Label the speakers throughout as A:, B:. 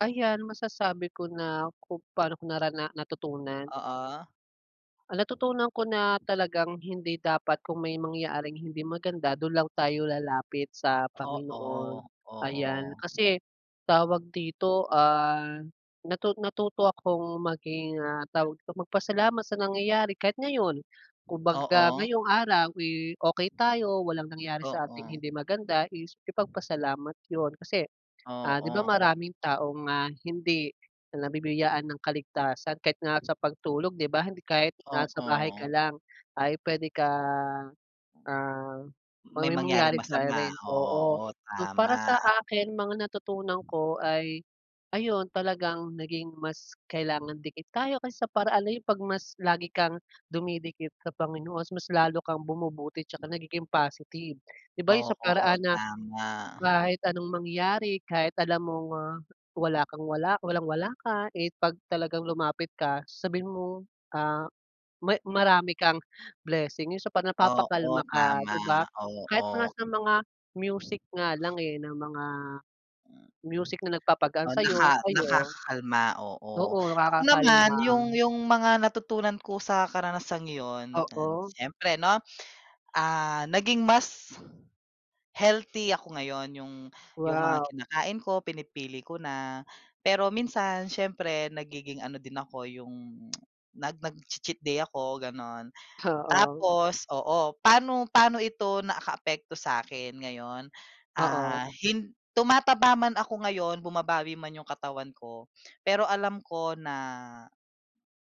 A: Ayan, masasabi ko na kung paano ko narana natutunan?
B: Oo.
A: Ang natutunan ko na talagang hindi dapat, kung may mangyaring hindi maganda, dun lang tayo lalapit sa Panginoon,
B: Oo,
A: ayan.
B: oo.
A: Kasi, tawag dito, ah, natu natuto akong maging, ah, tawag dito, magpasalamat sa nangyayari. Kahit ngayon kumbaga
B: Oo.
A: ngayong araw, eh, okey tayo, walang nangyari sa ating
B: Oo.
A: hindi maganda, is ipagpasalamat yun. Kasi, ah, di ba,
B: Oo.
A: maraming tao nga hindi nabibiyayaan ng kaligtasan kahit nga sa pagtulog, di ba, hindi kahit na sa bahay
B: Oo.
A: ka lang ay pwede ka, ah, 'pag
B: May
A: may
B: mangyaring
A: mangyari sa'yo
B: masama.
A: rin, oo.
B: Oo,
A: So,
B: tama.
A: para sa akin, mga natutunan ko ay, ayun, talagang naging mas kailangang dikit tayo kaysa sa paraan na yung 'pag mas lagi kang dumidikit sa Panginoon, mas lalo kang bumubuti tsaka nagiging positive, di ba, yun sa
B: Oo,
A: paraan na
B: tama.
A: kahit anong mangyari, kahit alam mong, ah, wala kang wala walang-wala ka, eh, 'pag talagang lumapit ka sasabihin mo, ah, may marami kang blessing, yung sa
B: Oo,
A: napapakalma ka,
B: tama,
A: di ba? Kahit nga
B: oo.
A: sa mga music nga lang eh, ng mga music na nagpapagaan
B: Oh,
A: sa'yo,
B: naka
A: ayon.
B: nakakakalma, oo.
A: Oo,
B: Ako naman yung
A: nakakakalma.
B: yung mga natutunan ko sa karanasang yun, ayan,
A: Oo.
B: siyempre, 'no, ah, naging mas healthy ako ngayon yung yung mga
A: Wow.
B: kinakain ko pinipili ko na. Pero minsan siyempre nagiging ano din ako yung nag nagchi-cheat day ako, gano'n.
A: Oo.
B: Tapos, oo, paano paano ito nakaapekto sa'kin ngayon?
A: Oo.
B: Ah, hin tumataba man ako ngayon, bumabawi man yung katawan ko, pero alam ko na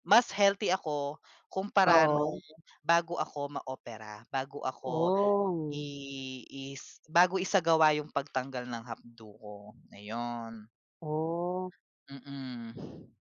B: mas healthy ako kumpara nung
A: Oo.
B: bago ako maopera, bago ako
A: Oh.
B: i is bago isagawa yung pagtanggal ng apdo ko, ayon.
A: Oh.
B: Mm.